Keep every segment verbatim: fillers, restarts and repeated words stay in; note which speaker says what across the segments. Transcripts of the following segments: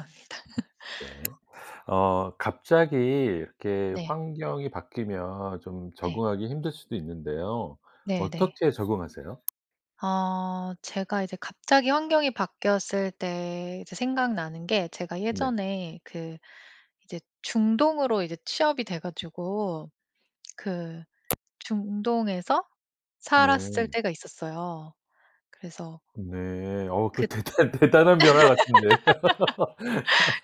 Speaker 1: 압니다.
Speaker 2: 네. 어 갑자기 이렇게
Speaker 1: 네.
Speaker 2: 환경이 바뀌면 좀
Speaker 1: 네.
Speaker 2: 적응하기 힘들 수도 있는데요.
Speaker 1: 네네.
Speaker 2: 어떻게 적응하세요?
Speaker 1: 아. 제가 이제 갑자기 환경이 바뀌었을 때 이제 생각나는 게 제가
Speaker 2: 네.
Speaker 1: 예전에 그 이제 중동으로 이제 취업이 돼 가지고 그 중동에서 살았을
Speaker 2: 네.
Speaker 1: 때가 있었어요. 그래서
Speaker 2: 네. 어
Speaker 1: 귿
Speaker 2: 그거 대단 대단한 변화 같은데.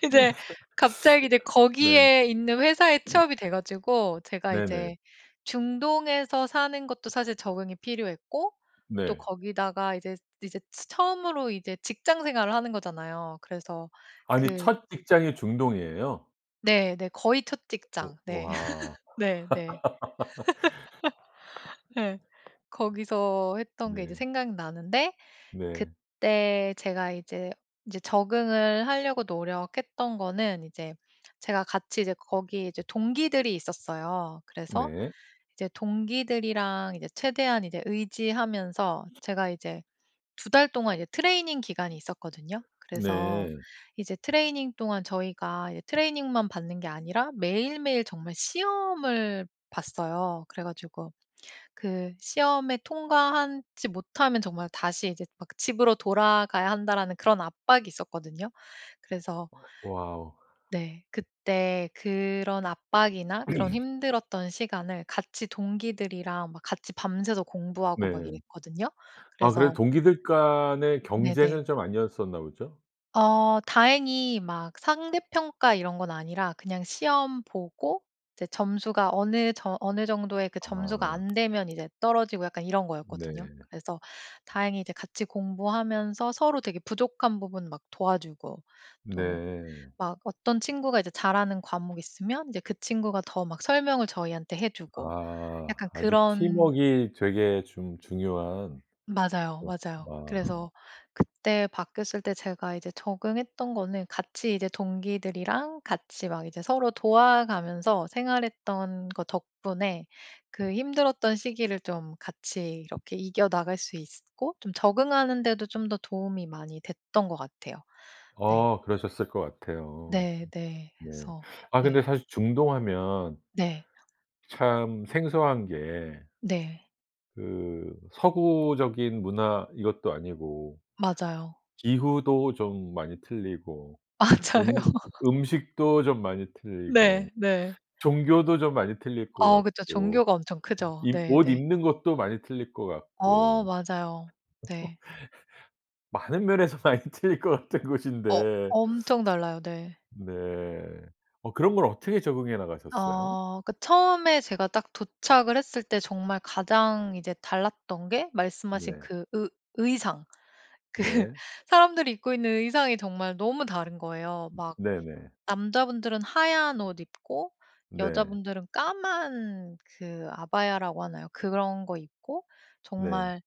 Speaker 1: 근데 갑자기 이제
Speaker 2: 네.
Speaker 1: 거기에 있는 회사에 취업이 돼 가지고 제가
Speaker 2: 네네.
Speaker 1: 이제 중동에서 사는 것도 사실 적응이 필요했고 또
Speaker 2: 네.
Speaker 1: 거기다가 이제 이제 츠 처음으로 이제 직장 생활을 하는 거잖아요. 그래서
Speaker 2: 아니
Speaker 1: 그
Speaker 2: 첫 직장이 중동이에요?
Speaker 1: 네. 네. 거의 첫
Speaker 2: 어
Speaker 1: 직장 네.
Speaker 2: 와.
Speaker 1: 네네. 예. 거기서 했던 게 이제
Speaker 2: 네.
Speaker 1: 생각나는데
Speaker 2: 네.
Speaker 1: 그때 제가 이제 인제 적응을 하려고 노력했던 거는 이제 제가 같이 이제 거기에 이제 동기들이 있었어요. 그래서
Speaker 2: 네.
Speaker 1: 이제 동기들이랑 이제 최대한 이제 의지하면서 제가 이제 두 달 동안 이제 트레이닝 기간이 있었거든요. 그래서
Speaker 2: 네.
Speaker 1: 이제 트레이닝 동안 저희가 이제 트레이닝만 받는 게 아니라 매일매일 정말 시험을 봤어요. 그래 가지고 그 시험에 통과하지 못하면 정말 다시 이제 막 '집으로 돌아가야 한다.'라는 그런 압박이 있었거든요. 그래서
Speaker 2: 어. 와우.
Speaker 1: 네. 그때 그런 압박이나 그런 힘들었던 시간을 같이 동기들이랑 막 같이 밤새서 공부하고 막
Speaker 2: 네.
Speaker 1: 이랬거든요.
Speaker 2: 아 그래도
Speaker 1: 그래서
Speaker 2: 동기들 간의
Speaker 1: 네네.
Speaker 2: 경쟁은 좀 아니었었나 보죠?
Speaker 1: 어 다행히 막 상대평가 이런 건 아니라 그냥 시험 보고 이제 점수가 어느 저 어느 정도의 그 점수가
Speaker 2: 아.
Speaker 1: 안 되면 이제 떨어지고 약간 이런
Speaker 2: 네.
Speaker 1: 거였거든요. 그래서 다행히 이제 같이 공부하면서 서로 되게 부족한 부분 막 도와주고 또
Speaker 2: 네.
Speaker 1: 막 어떤 친구가 이제 잘 하는 과목이 있으면 이제 그 친구가 더 막 설명을 저희한테 해 주고 약간
Speaker 2: 아 아주
Speaker 1: 그런
Speaker 2: 팀웍이 되게 좀 중요한
Speaker 1: 맞아요.
Speaker 2: 그런
Speaker 1: 맞아요.
Speaker 2: 마
Speaker 1: 그래서 그때 바뀌었을 때 제가 이제 적응했던 거는 같이 이제 동기들이랑 같이 막 이제 서로 도와가면서 생활했던 거 덕분에 그 힘들었던 시기를 좀 같이 이렇게 이겨나갈 수 있었고 좀 적응하는 데도 좀 더 도움이 많이 됐던 것 같아요. 네.
Speaker 2: 어 그러셨을 것 같아요.
Speaker 1: 네 네.
Speaker 2: 네.
Speaker 1: 그래서
Speaker 2: 아
Speaker 1: 네.
Speaker 2: 근데 사실 중동하면
Speaker 1: 네.
Speaker 2: 참 생소한 게
Speaker 1: 네.
Speaker 2: 그 서구적인 문화 이것도 아니고
Speaker 1: 맞아요.
Speaker 2: 기후도 좀 많이 틀리고
Speaker 1: 맞아요.
Speaker 2: 음 음식도 좀 많이 틀리고
Speaker 1: 네 네.
Speaker 2: 종교도 좀 많이 틀릴 것
Speaker 1: 어 그쵸.
Speaker 2: 같고
Speaker 1: 종교가 엄청 크죠.
Speaker 2: 이 옷
Speaker 1: 네네.
Speaker 2: 입는 것도 많이 틀릴 것
Speaker 1: 어
Speaker 2: 같고.
Speaker 1: 맞아요. 네.
Speaker 2: 많은 면에서 많이 틀릴 거 같은
Speaker 1: 어
Speaker 2: 곳인데
Speaker 1: 엄청 달라요. 네.
Speaker 2: 네. 어 그런 걸 어떻게 적응해 나가셨어요?
Speaker 1: 어 그 처음에 제가 딱 도착을 했을 때 정말 가장 이제 달랐던 게 말씀하신
Speaker 2: 네.
Speaker 1: 그 의 의상 그
Speaker 2: 네.
Speaker 1: 사람들이 입고 있는 의상이 정말 너무 다른 거예요.
Speaker 2: 음
Speaker 1: 막
Speaker 2: 네네.
Speaker 1: 남자분들은 하얀 옷 입고
Speaker 2: 네.
Speaker 1: 여자분들은 까만 그 '아바야'라고 하나요? 그런 거 입고
Speaker 2: 네.
Speaker 1: 정말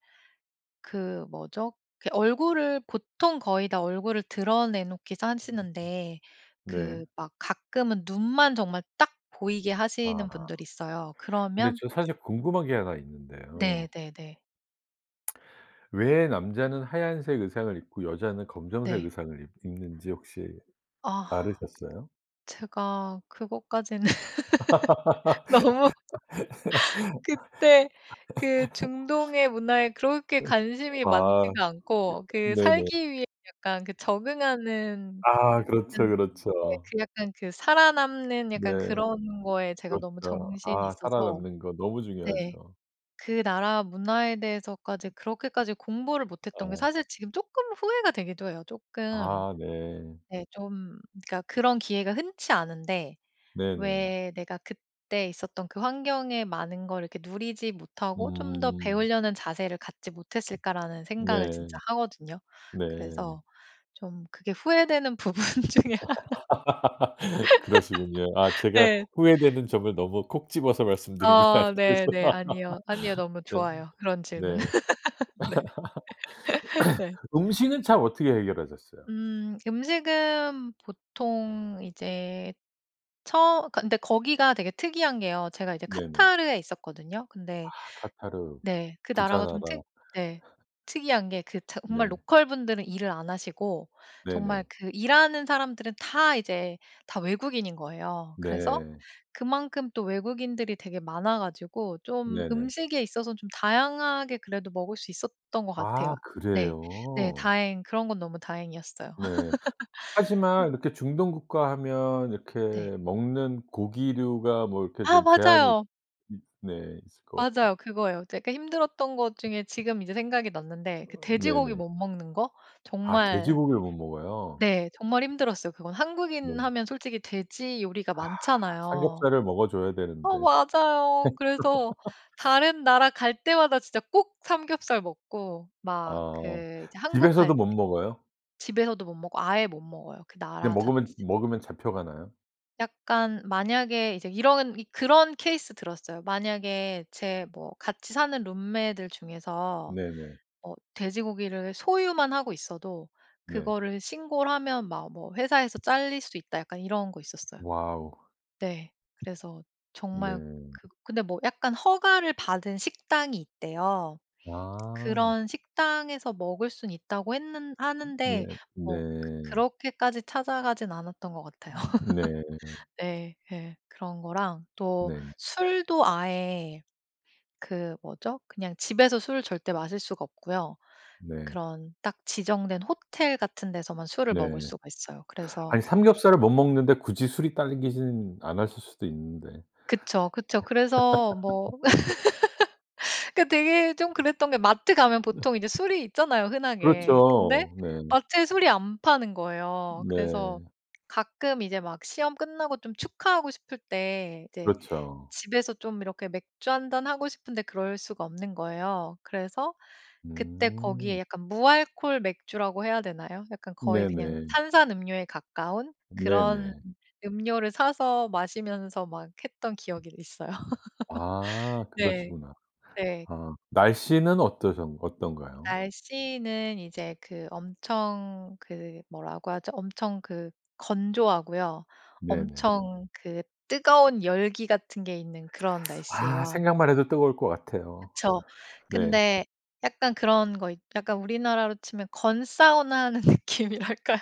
Speaker 1: 그 뭐죠? 그 얼굴을 보통 거의 다 얼굴을 드러내 놓기도 하시는데
Speaker 2: [unintelligible] 네.
Speaker 1: 그 막 가끔은 눈만 정말 딱 보이게 하시는
Speaker 2: 아.
Speaker 1: 분들이 있어요.
Speaker 2: 근데
Speaker 1: 그러면
Speaker 2: 저 사실 궁금한 게 하나
Speaker 1: 네
Speaker 2: 있는데요.
Speaker 1: 네네.
Speaker 2: 왜 남자는 하얀색 의상을 입고 여자는 검정색
Speaker 1: 네.
Speaker 2: 의상을 입 입는지 혹시
Speaker 1: 아
Speaker 2: 알으셨어요?
Speaker 1: 제가 그것까지는 너무 그때 그 중동의 문화에 그렇게 관심이
Speaker 2: 으 아
Speaker 1: 많지가
Speaker 2: 이
Speaker 1: 않고 그
Speaker 2: 네네.
Speaker 1: 살기 위해 약간 그 적응하는
Speaker 2: 아,
Speaker 1: 음
Speaker 2: 그렇죠,
Speaker 1: 네
Speaker 2: 그렇죠.
Speaker 1: 그 약간 그 살아남는 약간
Speaker 2: 네.
Speaker 1: 그런 거에 제가 너무
Speaker 2: 그렇죠.
Speaker 1: 정신이
Speaker 2: 아
Speaker 1: 있어서
Speaker 2: 살아남는 거 너무
Speaker 1: 네
Speaker 2: 중요하죠.
Speaker 1: 그 나라 문화에 대해서까지 그렇게까지 공부를 못 했던 게
Speaker 2: 아.
Speaker 1: 사실 지금 쪼끔 후회가 되기도 해요. 쪼끔
Speaker 2: 아 네.
Speaker 1: 네 좀 그러니까 그런 기회가 흔치 않은데
Speaker 2: 네네.
Speaker 1: '왜 내가 그때 있었던 그 환경에 많은 걸 이렇게 누리지 못하고 좀 더
Speaker 2: 음.
Speaker 1: 배우려는 자세를 갖지 못 했을까.'라는 생각을 진짜
Speaker 2: 네.
Speaker 1: 하거든요.
Speaker 2: 네.
Speaker 1: 그래서 좀 그게 후회되는 부분 중에 하나.
Speaker 2: 그러시군요. 아 제가
Speaker 1: 네.
Speaker 2: 후회되는 점을 너무 콕 집어서 말씀드린 것
Speaker 1: 아
Speaker 2: 같아서.
Speaker 1: 네네. 아니요. 아니요. 너무
Speaker 2: 네.
Speaker 1: 좋아요 그런 질문.
Speaker 2: 네.
Speaker 1: 네. 네.
Speaker 2: 음식은 참 어떻게 해결하셨어요?
Speaker 1: 음 음식은 보통 이제 처 근데 거기가 되게 특이한 게요. 제가 이제
Speaker 2: 네네.
Speaker 1: 카타르에 있었거든요? 근데
Speaker 2: 아 카타르.
Speaker 1: 네 그 나라가 좀 특
Speaker 2: 부자나라.
Speaker 1: 네 특이한 게 그 차 정말
Speaker 2: 네.
Speaker 1: 로컬 분들은 일을 안 하시고 정말
Speaker 2: 네네.
Speaker 1: 그 일하는 사람들은 다 이제 다 외국인인 거예요. 그래서
Speaker 2: 네.
Speaker 1: 그만큼 또 외국인들이 되게 많아 가지고 좀
Speaker 2: 네네.
Speaker 1: 음식에 있어서 좀 다양하게 그래도 먹을 수 있었던 것 같아요.
Speaker 2: 아
Speaker 1: 네. 네.
Speaker 2: 그래요?
Speaker 1: 다행 그런 건 너무 다행이었어요.
Speaker 2: 네. 하지만
Speaker 1: 그
Speaker 2: 이렇게 중동국가 하면 이렇게
Speaker 1: 네.
Speaker 2: 먹는 고기류가 뭐 이렇게
Speaker 1: 아
Speaker 2: 좀 제한이 있
Speaker 1: 맞아요.
Speaker 2: 네 있을 것 같은데.
Speaker 1: 맞아요. 그거예요. 제가 힘들었던 것 중에 지금 이제 생각이 났는데 그
Speaker 2: 어
Speaker 1: 돼지고기
Speaker 2: 네네.
Speaker 1: 못 먹는 거?
Speaker 2: 아
Speaker 1: 정말
Speaker 2: 돼지고기를 못 먹어요?
Speaker 1: 네 정말 힘들었어요. 그건 한국인
Speaker 2: 네.
Speaker 1: 하면 솔직히 돼지 요리가
Speaker 2: 아
Speaker 1: 많잖아요.
Speaker 2: 삼겹살을 먹어 줘야
Speaker 1: 어
Speaker 2: 되는데.
Speaker 1: 맞아요. 그래서 다른 나라 갈 때마다 진짜 꼭 삼겹살 먹고 막
Speaker 2: 아
Speaker 1: 그 이제 한국
Speaker 2: 집에서도
Speaker 1: 갈 때
Speaker 2: 못 먹어요?
Speaker 1: 집에서도 못 먹고 아예 못 먹어요 그
Speaker 2: 그냥
Speaker 1: 나라 자체
Speaker 2: 먹으면 먹으면 잡혀가나요?
Speaker 1: 약간 만약에 이제 이런 이 그런 케이스 들었어요. 만약에 제 뭐 같이 사는 룸메들 중에서
Speaker 2: 네네.
Speaker 1: 어 돼지고기를 소유만 하고 있어도
Speaker 2: 네.
Speaker 1: 그거를 신고를 하면 막 뭐 회사에서 짤릴 수 있다 약간 이런 거 있었어요.
Speaker 2: 와우.
Speaker 1: 네. 그래서 정말
Speaker 2: 네.
Speaker 1: 그 근데 뭐 약간 허가를 받은 식당이 있대요.
Speaker 2: 와.
Speaker 1: 그런 식당에서 먹을 순 있다고 했는 하는데 뭐 그
Speaker 2: 네.네.
Speaker 1: 그렇게까지 찾아가진 않았던 것 같아요.
Speaker 2: 네.
Speaker 1: 네. 예. 그런 거랑 또
Speaker 2: 네.
Speaker 1: 술도 아예 그 뭐죠? 그냥 집에서 술 절대 마실 수가 없고요.
Speaker 2: 네.
Speaker 1: 그런 딱 지정된 호텔 같은 데서만 술을
Speaker 2: 네.
Speaker 1: 먹을 수가 있어요. 그래서
Speaker 2: 아니, 삼겹살을 못 먹는데 굳이 술이 당기지는 않았을 수도 있는데.
Speaker 1: 그쵸, 그쵸. 그래서 뭐 그 되게 좀 그랬던 게 마트 가면
Speaker 2: 네.
Speaker 1: 보통 이제 술이 있잖아요. 흔하게. 근데
Speaker 2: 그렇죠. 네.
Speaker 1: 마트에 술이 안 파는 거예요. 그래서
Speaker 2: 네.
Speaker 1: 가끔 이제 막 시험 끝나고 좀 축하하고 싶을 때 이제
Speaker 2: 그렇죠.
Speaker 1: 집에서 좀 이렇게 맥주 한 잔 하고 싶은데 그럴 수가 없는 거예요. 그래서 그때
Speaker 2: 음.
Speaker 1: 거기에 약간 무알콜 맥주라고 해야 되나요? 약간 거의 그냥
Speaker 2: 네네.
Speaker 1: 탄산음료에 가까운 그런
Speaker 2: 네네.
Speaker 1: 음료를 사서 마시면서 막 했던 기억이 있어요.
Speaker 2: 아.
Speaker 1: 네.
Speaker 2: 그러시구나.
Speaker 1: 네.
Speaker 2: 아, 날씨는 어떠셨 어떤가요?
Speaker 1: 날씨는 이제 그 엄청 그 뭐라고 하죠? 엄청 그 건조하고요.
Speaker 2: 네네.
Speaker 1: 엄청 그 뜨거운 열기 같은 게 있는 그런
Speaker 2: 아.
Speaker 1: 날씨예요.
Speaker 2: 생각만 해도 뜨거울 것 같아요.
Speaker 1: 그쵸.
Speaker 2: 네.
Speaker 1: 근데 약간 그런 거 있 약간 우리나라로 치면 건사우나 하는 느낌이랄까요.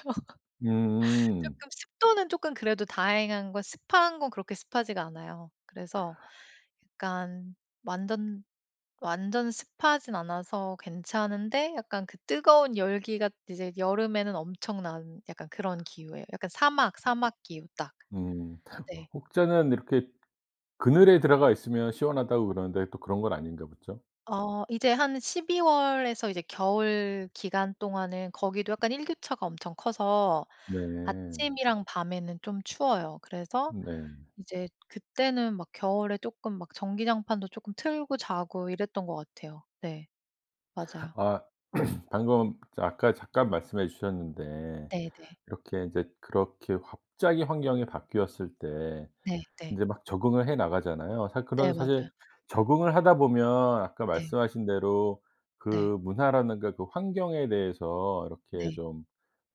Speaker 2: 음.
Speaker 1: 쪼끔 습도는 쪼금 그래도 다행한 건 습한 건 그렇게 습하지가 않아요. 그래서 약간 완전 완전 습하진 않아서 괜찮은데 약간 그 뜨거운 열기가 이제 여름에는 엄청난 약간 그런 기후에요. 약간 사막, 사막 기후 딱.
Speaker 2: 음
Speaker 1: 네.
Speaker 2: 혹자는 이렇게 그늘에 들어가 있으면 시원하다고 그러는데 또 그런 건 아닌가 보죠?
Speaker 1: 어 이제 한 십이 월에서 이제 겨울 기간 동안은 거기도 약간 일교차가 엄청 커서
Speaker 2: 네.
Speaker 1: 아침이랑 밤에는 좀 추워요. 그래서
Speaker 2: 네.
Speaker 1: 이제 그때는 막 겨울에 조금 막 전기장판도 조금 틀고 자고 이랬던 것 같아요. 네. 맞아요.
Speaker 2: 아 방금 저 아까 잠깐 말씀해 주셨는데
Speaker 1: 네네.
Speaker 2: 이렇게 인제 그렇게 갑자기 환경이 바뀌었을 때
Speaker 1: 네네.
Speaker 2: 인제 막 적응을 해 나가잖아요. 사실,
Speaker 1: 네.
Speaker 2: 그런
Speaker 1: 맞아요.
Speaker 2: 사실 적응을 하다 보면 아까
Speaker 1: 네.
Speaker 2: 말씀하신 대로
Speaker 1: 네.
Speaker 2: 그 문화라든가 그 환경에 대해서 이렇게
Speaker 1: 네.
Speaker 2: 좀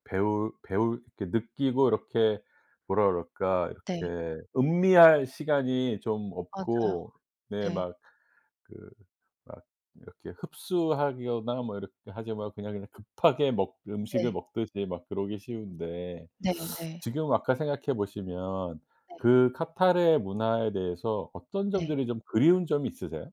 Speaker 2: 배우 배울 이렇게 느끼고 이렇게 뭐라 그럴까
Speaker 1: 네.
Speaker 2: 이렇게 음미할 시간이 좀
Speaker 1: 맞아요.
Speaker 2: 없고 네.
Speaker 1: 네.
Speaker 2: 막 그 막 이렇게 흡수하거나 뭐 이렇게 하지 말고 그냥 이렇게 급하게 먹 음식을
Speaker 1: 네.
Speaker 2: 먹듯이 막 그러기 쉬운데
Speaker 1: 네. 네.
Speaker 2: 지금 와카 생각해 보시면
Speaker 1: 네.
Speaker 2: 그 카타르의 문화에 대해서 어떤
Speaker 1: 네.
Speaker 2: 점들이 좀 그리운 점이 있으세요?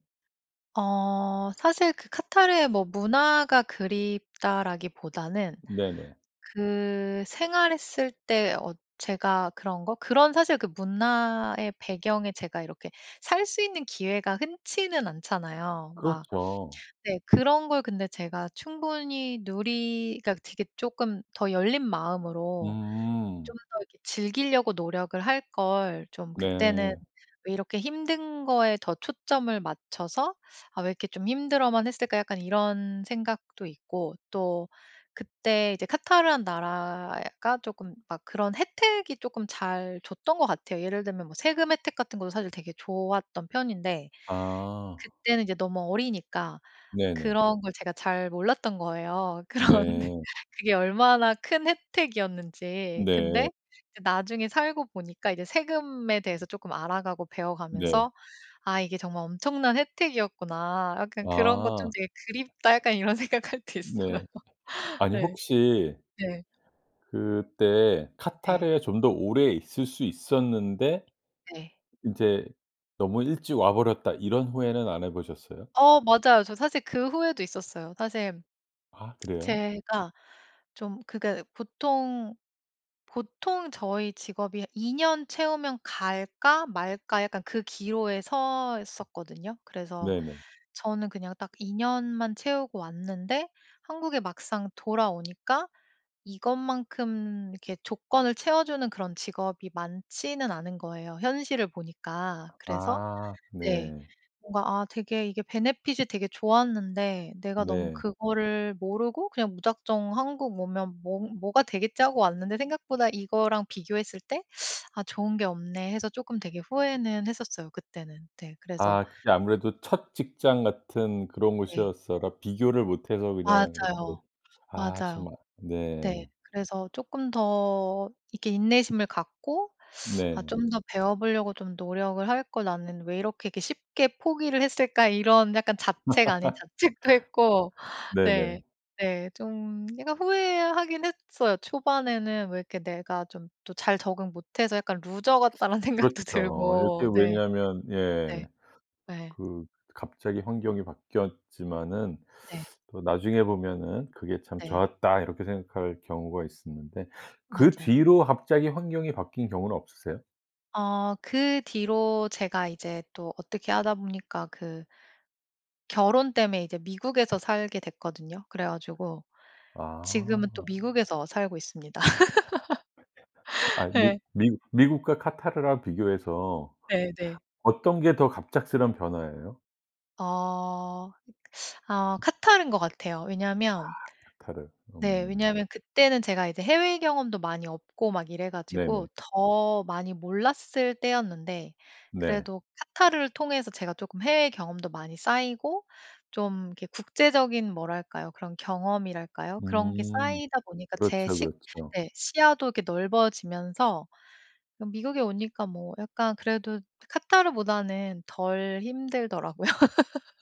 Speaker 1: 어 사실 그 카타르의 뭐 문화가 그립다라기보다는
Speaker 2: 네네.
Speaker 1: 그 생활했을 때 어 제가 그런 거? 그런 사실 그 문화의 배경에 제가 이렇게 살 수 있는 기회가 흔치는 않잖아요 막.
Speaker 2: 그렇죠.
Speaker 1: 네 그런 걸 근데 제가 충분히 누리 그러니까 되게 쪼끔 '더 열린 마음으로
Speaker 2: 음.
Speaker 1: 좀 더 이렇게 즐기려고 노력을 할걸. 좀 그때는
Speaker 2: 네.
Speaker 1: 왜 이렇게 힘든 거에 더 초점을 맞춰서 아 왜 이렇게 좀 힘들어만 했을까.' 약간 이런 생각도 있고. 또 그때 이제 카타르란 나라가 쪼끔 막 그런 혜택이 쪼끔 잘 줬던 거 같아요. 예를 들면 뭐 세금 혜택 같은 것도 사실 되게 좋았던 편인데,
Speaker 2: 아.
Speaker 1: 그때는 이제 너무 어리니까
Speaker 2: 네네.
Speaker 1: 그런 걸 제가 잘 몰랐던 거예요. 그런
Speaker 2: 네.
Speaker 1: 그게 얼마나 큰 혜택이었는지.
Speaker 2: 네.
Speaker 1: 근데 이제 나중에 살고 보니까 이제 세금에 대해서 쪼끔 알아가고
Speaker 2: 네.
Speaker 1: 배워가면서 '아 이게 정말 엄청난 혜택이었구나. 약간 그런 거 좀
Speaker 2: 아.
Speaker 1: 되게 그립다.' 약간 이런 생각 할 때 있어요.
Speaker 2: 네. 아니
Speaker 1: 예.
Speaker 2: 혹시
Speaker 1: 네.
Speaker 2: 그때
Speaker 1: 네.
Speaker 2: '카타르에 좀 더 오래 있을 수 있었는데
Speaker 1: 네.
Speaker 2: 이제 너무 일찍 와버렸다.' 이런 후회는 안 해보셨어요?
Speaker 1: 어 맞아요. 저 사실 그 후회도 있었어요. 사실
Speaker 2: 아 그래요?
Speaker 1: 제가 좀 그니까 보통 보통 저희 직업이 '이 년 채우면 갈까? 말까?' 약간 그 기로에 서 있었거든요. 그래서
Speaker 2: 네네.
Speaker 1: 저는 그냥 딱 이 년만 채우고 왔는데 한국에 막상 돌아오니까 이것만큼 이렇게 조건을 채워주는 그런 직업이 많지는 않은 거예요 현실을 보니까. 그래서
Speaker 2: 아
Speaker 1: 네.
Speaker 2: 네.
Speaker 1: 뭔가 아 되게 이게 베네핏이 되게 좋았는데 내가 너무
Speaker 2: 네.
Speaker 1: 그거를 모르고 그냥 무작정 한국 오면 '뭐 뭐가 되겠지.' 하고 왔는데 생각보다 이거랑 비교했을 때 '아 좋은 게 없네.' 해서 쪼끔 되게 후회는 했었어요 그때는. 네. 그래서
Speaker 2: 아 그게 아무래도 첫 직장 같은 그런
Speaker 1: 네.
Speaker 2: 곳이었어라 비교를 못해서 그냥
Speaker 1: 맞아요.
Speaker 2: 이렇게 아
Speaker 1: 맞아요.
Speaker 2: 정말
Speaker 1: 네.
Speaker 2: 네.
Speaker 1: 그래서 쪼끔 더 이렇게 인내심을 갖고 '아
Speaker 2: 네.
Speaker 1: 좀 더 배워보려고 좀 노력을 할걸. 나는 왜 이렇게, 이렇게 쉽게 포기를 했을까.' 이런 약간 자책 아닌 자책도 했고 네.
Speaker 2: 네네.
Speaker 1: 네. 좀 약간 후회하긴 했어요. 초반에는 왜 이렇게 내가 좀 또 잘 적응 못해서 약간 '루저 같다.'라는 생각도
Speaker 2: 그렇죠. 이게
Speaker 1: 들고. 네.
Speaker 2: 왜냐하면
Speaker 1: 네.
Speaker 2: 예.
Speaker 1: 네.
Speaker 2: 그 갑자기 환경이 바뀌었지만은
Speaker 1: 네.
Speaker 2: 또 나중에 보면은 '그게 참
Speaker 1: 네.
Speaker 2: 좋았다.' 이렇게 생각할 경우가 있었는데, 그
Speaker 1: 맞아요.
Speaker 2: 뒤로 갑자기 환경이 바뀐 경우는 없으세요?
Speaker 1: 어 그 뒤로 제가 이제 또 어떻게 하다 보니까 그 결혼 때문에 이제 미국에서 살게 됐거든요. 그래 가지고 지금은 또
Speaker 2: 아.
Speaker 1: 미국에서 살고 있습니다.
Speaker 2: 아이 근데
Speaker 1: 예.
Speaker 2: 미 미국과 카타르랑 비교해서
Speaker 1: 네 네.
Speaker 2: 어떤 게 더 갑작스러운 변화예요?
Speaker 1: 어 아 카타르인 것 같아요.
Speaker 2: 아
Speaker 1: 왜냐면
Speaker 2: 카타르.
Speaker 1: 네
Speaker 2: 음.
Speaker 1: 왜냐면 그때는 제가 이제 해외 경험도 많이 없고 막 이래 가지고
Speaker 2: 네네.
Speaker 1: 더 많이 몰랐을 때였는데
Speaker 2: 네.
Speaker 1: 그래도 카타르를 통해서 제가 쪼끔 해외 경험도 많이 쌓이고 좀 이렇게 국제적인 뭐랄까요 그런 경험이랄까요? 그런 게
Speaker 2: 음.
Speaker 1: 쌓이다 보니까 제
Speaker 2: 그렇죠,
Speaker 1: 시
Speaker 2: 그렇죠.
Speaker 1: 네 시야도 이렇게 넓어지면서 뭐 미국에 오니까 뭐 약간 그래도 카타르보다는 덜 힘들더라고요.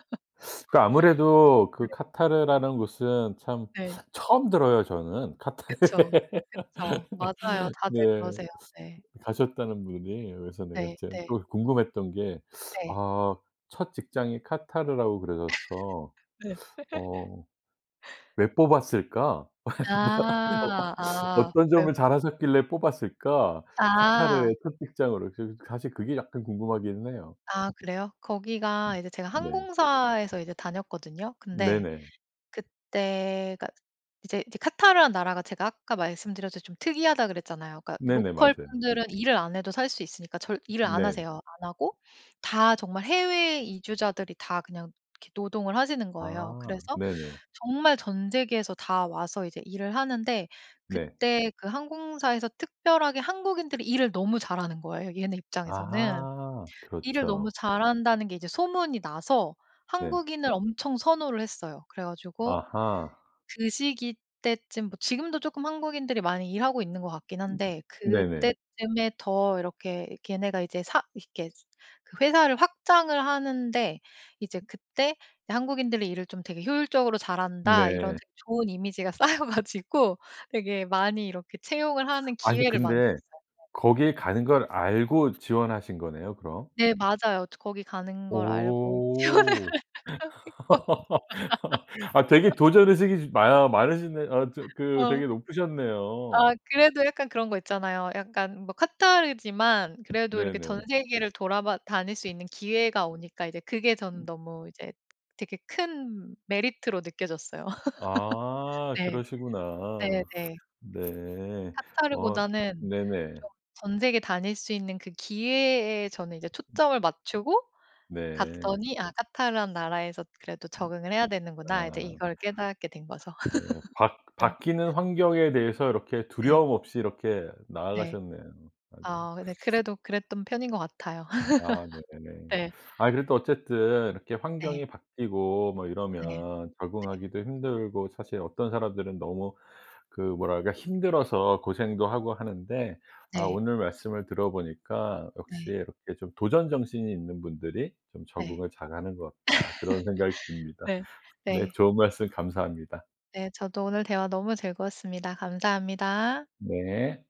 Speaker 2: 그 아무래도 그
Speaker 1: 네.
Speaker 2: 카타르라는 곳은 참
Speaker 1: 네.
Speaker 2: 처음 들어요 저는. 카타르
Speaker 1: 그쵸. 그쵸. 맞아요. 다들
Speaker 2: 네.
Speaker 1: 그러세요. 네.
Speaker 2: 가셨다는 분이 그래서 내가
Speaker 1: 네
Speaker 2: 제가
Speaker 1: 네.
Speaker 2: 또 궁금했던 게
Speaker 1: 네.
Speaker 2: 아 첫 직장이 카타르라고 그러셔서.
Speaker 1: 네.
Speaker 2: '어 왜 뽑았을까? 뭐 어
Speaker 1: 아 아.
Speaker 2: 어떤
Speaker 1: 그래요.
Speaker 2: 점을 잘 하셨길래 뽑았을까?
Speaker 1: 아.
Speaker 2: 카타르의 첫 직장으로.' 사실 그게 약간 궁금하기는 해요.
Speaker 1: 아 그래요? 거기가
Speaker 2: 음
Speaker 1: 이제 제가
Speaker 2: 네.
Speaker 1: 항공사에서 이제 다녔거든요. 근데
Speaker 2: 네네.
Speaker 1: 그때가 이제 그 카타르라는 나라가 제가 아까 말씀드렸 듯이 좀 특이하다 그랬잖아요. 그러니까
Speaker 2: 네네
Speaker 1: 로컬
Speaker 2: 맞아요.
Speaker 1: 분들은 일을 안 해도 살 수 있으니까 절 일을 안
Speaker 2: 네.
Speaker 1: 하세요 안 하고 다 정말 해외 이주자들이 다 그냥 이렇게 노동을 하시는 거예요.
Speaker 2: 아.
Speaker 1: 그래서
Speaker 2: 네네.
Speaker 1: 정말 전 세계에서 다 와서 이제 일을 하는데
Speaker 2: 네.
Speaker 1: 그때 그 항공사에서 특별하게 한국인들이 일을 너무 잘하는 거예요, 얘네 입장에서는.
Speaker 2: 아하.
Speaker 1: 일을 너무
Speaker 2: 그렇죠.
Speaker 1: 잘한다는 게 이제 소문이 나서
Speaker 2: 네.
Speaker 1: 한국인을 엄청 선호를 했어요. 그래 가지고
Speaker 2: 아하.
Speaker 1: 그 시기 때쯤 뭐 지금도 쪼끔 한국인들이 많이 일하고 있는 것 같긴 한데
Speaker 2: 네네.
Speaker 1: 그때쯤에 더 이렇게 걔네가 이제 사 이렇게 그 회사를 확장을 하는데 이제 그때 '한국인들이 일을 좀 되게 효율적으로 잘한다.' 이런
Speaker 2: 네.
Speaker 1: 되게 좋은 이미지가 쌓여 가지고 되게 많이 이렇게 채용을 하는
Speaker 2: 아니
Speaker 1: 기회를 많이
Speaker 2: 근데
Speaker 1: 줬어요.
Speaker 2: 거기에 가는 걸 알고 지원하신 거네요 그럼.
Speaker 1: 네 맞아요. 저 거기 가는 걸 알고 지원을
Speaker 2: 오.
Speaker 1: 했고
Speaker 2: 아 되게 도전 의식이 많으 많으시네요. 아 저 그
Speaker 1: 어.
Speaker 2: 되게
Speaker 1: 아
Speaker 2: 높으셨네요.
Speaker 1: 그래도 약간 그런 거 있잖아요. 약간 뭐 카타르지만 그래도 이렇게 전
Speaker 2: 네네.
Speaker 1: 세계를 돌아 봐 다닐 수 있는
Speaker 2: 어
Speaker 1: 기회가 오니까 이제 그게 저는 너무 이제 되게 큰 메리트로 느껴졌어요.
Speaker 2: 아
Speaker 1: 네.
Speaker 2: 그러시구나.
Speaker 1: 네네.
Speaker 2: 네. 어
Speaker 1: 카타르보다는 좀
Speaker 2: 네네.
Speaker 1: 전 세계 다닐 수 있는 그 기회에 저는 이제 초점을 맞추고
Speaker 2: 네.
Speaker 1: 갔더니 '아 카타르라는 나라에서 그래도
Speaker 2: 음
Speaker 1: 적응을 해야 되는구나.' 이제
Speaker 2: 아.
Speaker 1: 이걸 깨닫게 된 거죠.
Speaker 2: 네 바
Speaker 1: 네.
Speaker 2: 바뀌는 환경에 대해서 이렇게
Speaker 1: 네.
Speaker 2: 두려움 없이 이렇게
Speaker 1: 네.
Speaker 2: 나아가셨네요 아주.
Speaker 1: 아 근데 그래도 그랬던 편인 것 같아요.
Speaker 2: 아 네.
Speaker 1: 네.
Speaker 2: 아 그래도 어쨌든 이렇게
Speaker 1: 네.
Speaker 2: 환경이 바뀌고 뭐
Speaker 1: 네.
Speaker 2: 이러면
Speaker 1: 네.
Speaker 2: 적응하기도 힘들고 사실 어떤 사람들은 너무 그 뭐랄까 힘들어서 고생도 하고 하는데 아
Speaker 1: 네.
Speaker 2: 오늘 말씀을 들어 보니까 역시
Speaker 1: 네.
Speaker 2: 이렇게 좀 '도전 정신이 있는 분들이 좀
Speaker 1: 네.
Speaker 2: 적응을 잘하는 것 같다.' 그런 생각이 듭니다.
Speaker 1: 네.
Speaker 2: 네
Speaker 1: 네.
Speaker 2: 좋은 말씀 감사합니다.
Speaker 1: 네 저도 오늘 대화 너무 즐거웠습니다. 감사합니다.
Speaker 2: 네.